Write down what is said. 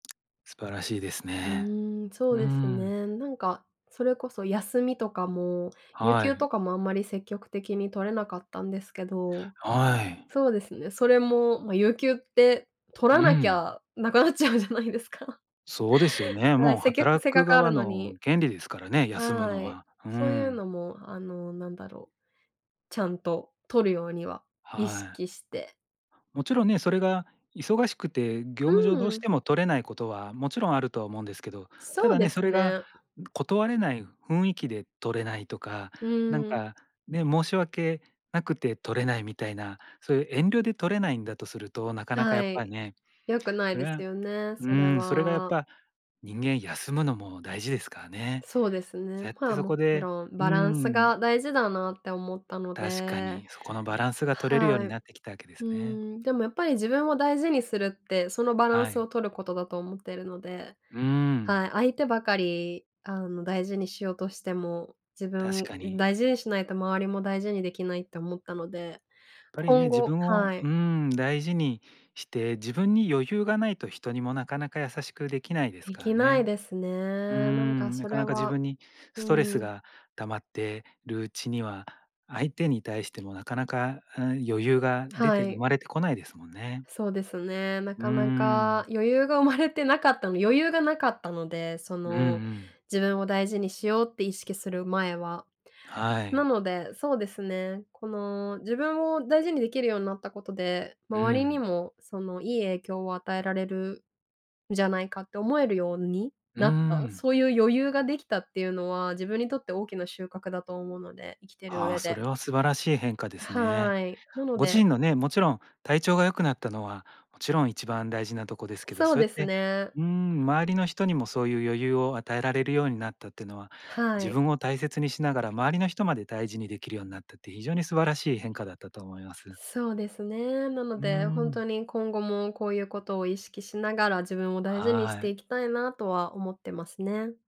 素晴らしいですうね。ーん、そううーですん。ね。なんか、それこそ休みとかも、有は給い。とかも、あんまり積極的に取れなかったんですけど。はい。そうですね、それも、ま、有給って取うらなきん。ゃなくなっちゃうじゃないですか。そうですよね。はい、もうせっきゃく働せっかくくある側のに。の権利ですからね、休むはのい、は。うーそういうん。のも、あの、何だろう。ちゃんと取るようには意はい。識して。勿論ね。それが忙しくて、業う務上どうーしん。ても取れない事は、勿論あるとは思うんですけど。たそうだでね。すそれが、ね。断れない雰囲気で取れないとか、うなんーん。か、ね、申し訳なくて取れないみたいな、そういう遠慮で取れないんだとすると、なかなかやはっぱい。ね、良くないそでれすはよね、そうれん。それが、やっは。ぱ人間休むのも大事ですからね。そうですね。ぜっまてあ、そ勿こで論うーバランスん。が大事だなって思ったの確かで。に。そこのバランスが取れるようはにい。うなってきたわけですね。ーん、でも、やっぱり自分を大事にするって、そのバランはスをい。取ることだと思ってるので、うーん。はい。相手ばかり、あの、大事にしようとしても、自確分かに。大事にしないと、周りも大事に出来ないって思ったので、やっぱりね、今自後分をはうい。ーん、大事にして、自分に余裕がないと、人にもなかなか優しく出来ないです出か来らないね。ですね。うーなんか、ん、なそかれなか自は分にスうトレスん。が溜まってるうちには、相手に対しても、なかなか、うん、余裕が出はて生い。まれてこないですもんね。そうですね、なうーかなかん。余裕が生まれてなかったの余裕がなかったので、そうんうの、ん。自分を大事にしようって意識する前は。はない。ので、そうですね。この、自分を大事に出来るようになった事で、う周りにん。も、その、いい影響を与えられるんじゃないかって思えるようにうーなった。ん。そういう余裕が出来たっていうのは、自分にとって大きな収穫だと思うので、生きてるああ、上そで。れは素晴らしい変化ですね。はい、なのご自身でのね、勿論、体調が良くなったのは、勿論、一番大事なとこですけど。そうそうやでっすてね。うーん、周りの人にもそういう余裕を与えられるようになったっていうのは、は自い。分を大切にしながら、周りの人まで大事に出来るようになったって、非常に素晴らしい変化だったと思います。そうですね。なのうーで、ほんとん。に、今後もこういう事を意識しながら、自分を大事にしはてい。いきたいな、とは思ってますね。